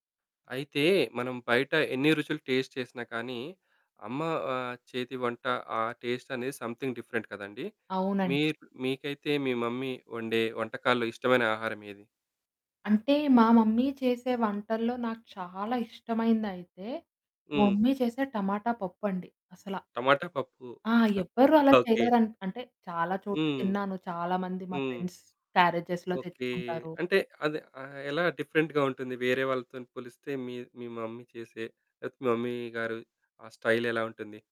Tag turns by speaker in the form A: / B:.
A: అయితే, మనం బయట ఎన్ని రుచులు టేస్ట్ చేసినా కానీ, అమ్మ ఆహ్, చేతి వంట ఆ టేస్ట్ అనేది సమ్‌థింగ్ డిఫరెంట్ కదండీ!
B: అవునండి.
A: మీ‌ర్ మీకైతే మీ మమ్మీ వండే వంటకాల్లో ఇష్టమైన ఆహారం ఏది?
B: అంటే, మా మమ్మీ చేసే వంటల్లో నాకు చాలా ఇష్టమైనదైతే, మా
A: హ్మ్.
B: మమ్మీ చేసే టమాటా పప్పండి అసలా.
A: టమాటా పప్పు.
B: ఆ! ఎవ్వరు అలా
A: ఓకే.
B: చేయలేరు. అంటే, చాలా చోట్ల
A: హ్మ్.
B: తిన్నాను. చాలా మంది మా
A: హ్మ్.
B: ఫ్రెండ్స్ క్యారేజెస్‌లో
A: ఓకే.
B: తెచ్చుకుంటారు.
A: అంటే అది ఆహ్, ఎలా డిఫరెంట్‌గా ఉంటుంది? వేరే వాళ్ళతో‌ని పోలిస్తే, మీ మీ మమ్మీ చేసే లేతే మమ్మీ గారు, ఆ స్టైల్ ఎలావుంటుంది?